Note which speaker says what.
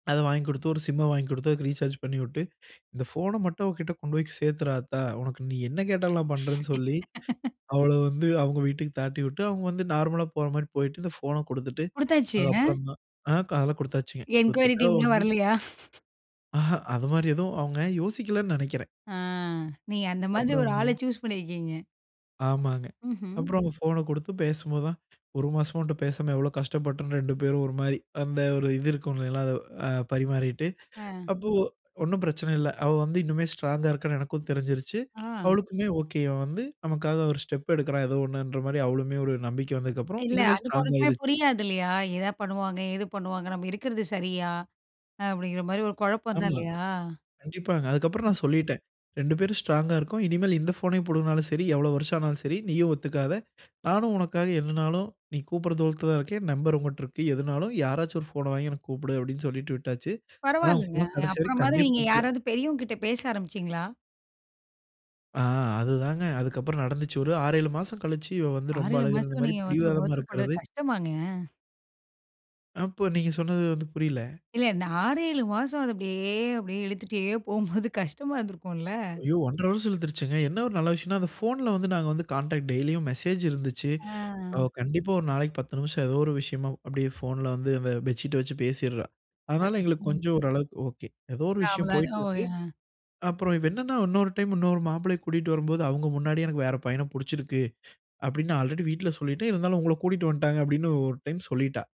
Speaker 1: அத வாங்கிக் கொடுத்து ஒரு சிம்ம வாங்கி கொடுத்து அதுக்கு ரீசார்ஜ் பண்ணிவுட்டு இந்த ஃபோன மட்டும் அவகிட்ட கொண்டு போய் சேர்த்துரு ஆத்த உனக்கு நீ என்ன கேட்டாலும் நான் பண்றேன்னு சொல்லி, அவள வந்து அவங்க வீட்டுக்கு தாட்டிவிட்டு அவங்க வந்து நார்மலா போற மாரி போய்ட்டு இந்த ஃபோன கொடுத்துட்டு
Speaker 2: குடுத்தாச்சு, ஆ.
Speaker 1: அதுக்கப்புறம் தான் ஆ க அதெல்லாம் கொடுத்தாச்சுங்க
Speaker 2: என்குயரி
Speaker 1: கொடுத்துட்டா அவ
Speaker 2: டீம்லாம்
Speaker 1: வந்து
Speaker 2: வர்லயா?
Speaker 1: ஆஹா அது மாரி எதுவும் அவங்க யோசிக்கலன்னு நினைக்கிறேன்.
Speaker 2: ஆ நீங்க அந்த மாரி ஒரு
Speaker 1: அப்புறம்ங்க
Speaker 2: ஆள சூஸ் பண்ணிருக்கீங்க.
Speaker 1: ஆமாங்க
Speaker 2: ம்ஹ்ம்.
Speaker 1: அப்புறம் ஃபோன கொடுத்து பேசும்போதுதான் ஒரு மாசமா உன்ட்ட பேசாம எவ்வளோ கஷ்டப்பட்டம் 2 பேரும் ஒரு மாரி அந்த ஒரு இது இருக்கும்லைநகளா அத அ பரிமாறிட்டு
Speaker 2: ஆ.
Speaker 1: அப்போ ஒண்ணும் பிரச்சன இல்ல. அவ வந்து இன்னுமே ஸ்ட்ராங்கா இருக்கான்னு எனக்கும் தெரிஞ்சிருச்சு.
Speaker 2: ஆ.
Speaker 1: அவளுக்குமே ஓகே இவன் வந்து நமக்காக ஒரு ஸ்டெப் எடுக்குறான் ஏதோ ஒன்னுன்ற மாரி அவளுமே ஒரு நம்பிக்கை வந்ததுக்கப்புறம்
Speaker 2: இல்ல
Speaker 1: இன்னுமே
Speaker 2: அந்த
Speaker 1: ஸ்ட்ராங்
Speaker 2: பொண்ணுக்குமே
Speaker 1: ஆயிருச்சு.
Speaker 2: புரியாதில்லயா. எதா பண்ணுவாங்க எது பண்ணுவாங்க நம்ம இருக்கறது சரியா, அப்டிங்கிற மாரி ஒரு குழப்பம் தான்
Speaker 1: ஆமா,
Speaker 2: இல்லையா?
Speaker 1: கண்டிப்பாங்க. அதுக்கப்புறம் நான் சொல்லீட்டேன். 2 பேரும் ஸ்ட்ராங்கா இருக்கோம். இனிமேல் இந்த ஃபோனை பூடுங்குனாலும் சரி, எவ்வளவு வருஷம் ஆனாலும் சரி நீயும் ஒத்துக்காத. நானும் உனக்காக என்னனாலும் நீ கூப்பிட்ற தூரத்துல தான் இருக்கேன். நம்பர் உங்கிட்ட இருக்கு. எதுனாலும் யாராச்சும் ஒரு ஃபோன வாங்கி எனக்கு கூப்பிடு அப்டினு சொல்லீட்டு விட்டாச்சு. ஆனா அவ
Speaker 2: பரவால்லங்க.
Speaker 1: ஃபோன கடைசி வரைக்கும்
Speaker 2: அப்புறமாவது
Speaker 1: கண்டே
Speaker 2: நீங்க
Speaker 1: பிடிக்கல.
Speaker 2: யாராது பெரியவங்க கிட்ட பேச ஆரம்பிச்சீங்களா?
Speaker 1: ஆ அதுதான்ங்க அதுக்கப்புறம் நடந்துச்சு. ஒரு 6, 7 மாசம் கழிச்சு, இவ வந்து
Speaker 2: ஆறு,
Speaker 1: ரொம்ப
Speaker 2: ஏழு
Speaker 1: அழுகுறது
Speaker 2: மாசம்
Speaker 1: மாரி
Speaker 2: நீங்க ஒருத்த
Speaker 1: பிடிவாதமா
Speaker 2: ஒருத்தர் பண்றது
Speaker 1: இருக்குறது
Speaker 2: கஷ்டமாங்க?
Speaker 1: அப்போ நீங்க சொன்னது வந்து புரில.
Speaker 2: இல்ல இந்த 6, 7 மாசம் அத அப்டியே அப்டியே இழுத்துட்டே போகும்போது கஷ்டமா இருந்திருக்கும்ல.
Speaker 1: ஐயோ 1.5 வருஷம் இழுத்திருச்சுங்க. என்ன ஒரு நல்ல விஷயம்னா அந்த ஃபோன்ல வந்து நாங்க வந்து கான்டா்ட் டெய்லியும் மெசேஜிருந்துச்சு. அவ
Speaker 2: ஆ.
Speaker 1: கண்டிப்பா ஒரு நாளைக்கு 10 நிமிஷம் ஏதோ ஒரு விஷயமா அப்டியே ஃபோன்ல வந்து அந்த பெட்ஷீட்ட வெச்சு பேசிட்ரா. அதனால எங்களுக்கு
Speaker 2: ம்.
Speaker 1: கொஞ்சம் ஓரளவுக்கு ஒகே. ஏதோ ஒரு விஷயம் போய்ட்டு இருக்கு.
Speaker 2: அவ்ளோதான். [unintelligible]
Speaker 1: அப்றம் இவ என்னனா இன்னொரு டைம் இன்னொரு மாப்பிள்ளைய கூட்டிட்டு வரும்போது அவங்க முன்னாடியே எனக்கு வேற பையனப் புடிச்சிருக்கு. அப்டினு ஆல்ரெடி வீட்டில சொல்லிட்டேன். இருந்தாலும் உங்கள கூட்டிட்டு வந்ட்டாங்க அப்டினு ஒரு டைம் சொல்லீட்டா.